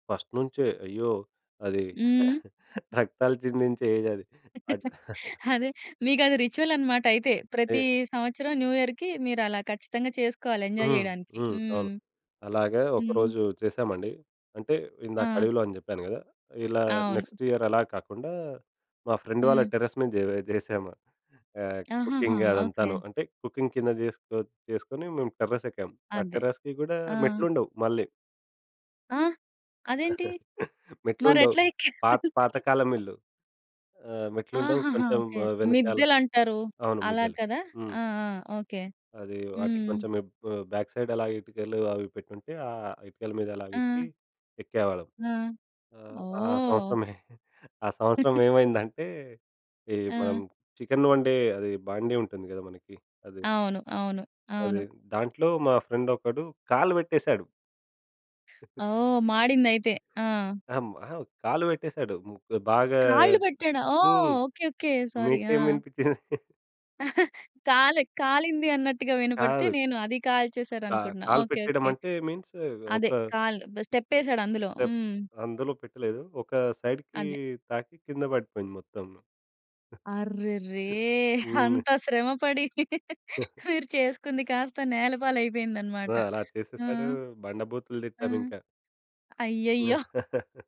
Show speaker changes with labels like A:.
A: First నుంచే. అయ్యో! అది
B: హ్మ్.
A: రక్తాలు చిందించే ఏజ్ అది. అడు
B: అదే మీకది రిచువల్ అన్నమాట అయితే. ప్రతీ
A: అయ్యో!
B: సంవత్సరం న్యూఇయర్‌కి మీరలా ఖచ్చితంగా చేసుకోవాలి ఎంజాయ్
A: హ్మ్.
B: చేయడానికి.
A: హ్మ్.
B: హ్మ్.
A: అవును. అలాగా
B: హ్మ్.
A: ఒకరోజు చేశామండి. అంటే ఇందాక
B: ఆ!
A: అడవిలో అని చెప్పాను కదా! ఇలా
B: అవును.
A: నెక్స్ట్ ఇయర్ అలా కాకుండా మా ఫ్రెండ్ వాళ్ళ
B: హ్మ్.
A: టెర్రస్ మీద జే జేశాము. ఆహ్,
B: ఆహాహా!
A: Cooking
B: okay.
A: అదంతాను. అంటే కుకింగ్ కింద చేసుకో చేసుకొని మేము టెర్రస్ ఎక్కాం. ఆ
B: అదే.
A: టెర్రస్‌కి కూడా
B: ఆ!
A: మెట్లుండవు. మళ్ళీ.
B: ఆ? అదేంటి. మరి
A: మెట్లుండవు.
B: ఎట్లా ఎక్కారు.
A: పా పాత కాలం ఇల్లు. ఆహ్, మెట్లుండవు
B: ఆహహా!
A: కొంచెం
B: ఓకే.
A: ఆ వెనకాల
B: మిద్దెలంటారు
A: అవును.
B: అలా
A: మిద్దెలు.
B: కదా!
A: హ్మ్.
B: ఆ! ఆ! ఓకే.
A: అది
B: హ్మ్.
A: వాటికి
B: హ్మ్.
A: కొంచెం ఇబ్ బ బ్యాక్ సైడ్ అలా ఇటుకలు అవి పెట్టుంటే, ఆహ్, ఇటుకల మీద అలాగా ఎక్కి
B: ఆ!
A: ఎక్కేవాళ్ళం.
B: ఆ!
A: ఆహ్, ఆ
B: ఓహ్!
A: సంవత్సరమే ఆ సంవత్సరం ఏమైందంటే ఈ మనం
B: ఆ!
A: చికెన్ వండే అది బాండీ ఉంటుంది కదా మనకి అది.
B: అవును. అవును. అవును.
A: అది దాంట్లో మా ఫ్రెండ్ ఒకడు కాళ్ళు పెట్టేశాడు.
B: ఓహ్! మాడిందయితే. ఆ!
A: ఆహ్, హ్మ్. అహా! కాళ్ళు పెట్టేశాడు. ముగ్గు బాగా
B: కాళ్ళు పెట్టాడా? ఓహ్!
A: హ్మ్.
B: ఓకే. ఓకే. సారీ. ఆ!
A: మీకేమి వినిపించింది.
B: కాలే కాలింది అన్నట్టుగా వినపడితే
A: కాదు.
B: నేను అది
A: కా
B: కాల్చేసారనుకుంటున్నా.
A: కాలు
B: ఓకే.
A: పెట్టేయడం
B: ఓకే.
A: అంటే మీన్స్ ఒక
B: అదే. కాలు బె ఒక స్టెప్ వేశాడు అందులో.
A: స్టెప్.
B: హ్మ్.
A: అందులో పెట్టలేదు. ఒక సైడ్‌కి
B: అదే.
A: తాకి కింద పడిపోయింది మొత్తం.
B: అర్రెరే!
A: హ్మ్.
B: అంత శ్రమ పడి మీరు చేసుకుంది కాస్త నేలపాలయిపోయిందన్నమాట.
A: ఆ! అలా
B: ఆ!
A: చేసేశాడు. బండ బూతులు
B: ఆ!
A: తిట్టామింకా.
B: అయ్యయ్యో!
A: హ్మ్.